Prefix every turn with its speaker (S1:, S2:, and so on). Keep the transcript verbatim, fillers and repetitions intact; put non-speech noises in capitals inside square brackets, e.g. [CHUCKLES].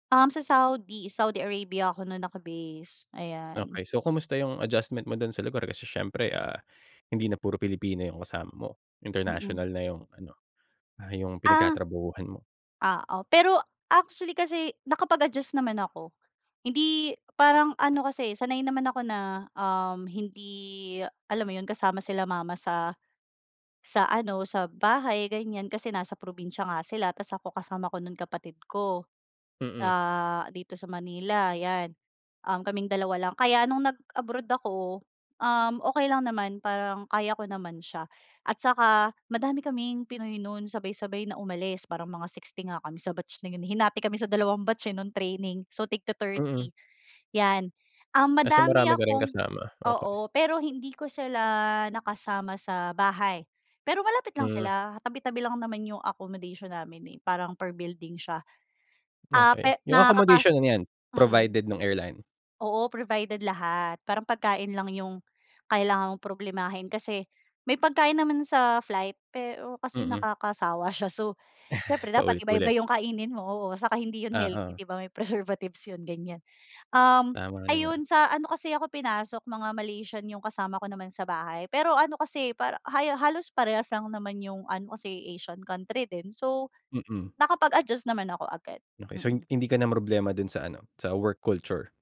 S1: Um, sa Saudi, Saudi Arabia ako no'n naka-base, ayan.
S2: Okay. So kumusta 'yong adjustment mo do'n sa lugar, kasi siyempre, ah, hindi na puro Pilipino 'yong kasama mo.
S1: Mm.
S2: International na 'yong ano, ah, 'yong
S1: Ah.
S2: pinagtatrabahuhan mo?
S1: Oo. Pero, actually kasi nakapag-adjust naman ako. Hindi, parang ano kasi sanay naman ako na, um, hindi, alam mo 'yon kasama sila mama sa sa ano, sa bahay, ganiyan. Kasi nasa probinsya nga sila 'tas ako kasama ko no'n kapatid ko,
S2: Mm.
S1: sa dito sa Manila, 'yan. Um, kaming dalawa lang. Kaya no'ng nag-abroad ako, um, okay lang naman, parang kaya ko naman siya at saka madami kaming pinoy no'n sabay-sabay na umalis. Parang mga 60 nga kami sa batch na 'yon, eh, hinati kami sa dalawang batch, eh, no'ng training, so tig
S2: Mm.
S1: ti-thirty, 'yan. Um,
S2: Ah, so
S1: madami
S2: marami ka ring
S1: akong
S2: kasama, okay.
S1: oo, pero hindi ko sila nakasama sa bahay, pero malapit lang
S2: Hmm.
S1: sila, tabi-tabi lang naman 'yong accommodation namin, eh, parang per building siya. Ah, kaya
S2: Okay. 'Yong
S1: nakakapas
S2: accommodation ano 'yan,
S1: mm.
S2: provided no'ng airline?
S1: Oo, provided lahat. Parang pagkain lang 'yong, kailangan mong problemahin kasi, may pagkain naman sa flight pero kasi
S2: Mm.
S1: nakakasawa siya, so siyempre
S2: [CHUCKLES]
S1: dapat iba-iba
S2: Paulit-ulit.
S1: 'yong kainin mo, oo, saka hindi 'yon healthy,
S2: Oo.
S1: 'di ba, may preservatives 'yon, ganiyan. Um,
S2: Tama naman.
S1: ayun, sa ano kasi ako pinasok, mga Malaysian 'yong kasama ko naman sa bahay, pero ano kasi, parang haya halos parehas lang naman 'yong ano, kasi Asian country din. So,
S2: Mm.
S1: nakapag-adjust naman ako agad.
S2: Okay. So, hin
S1: Mm.
S2: hindi ka namroblema do'n sa ano, sa work culture?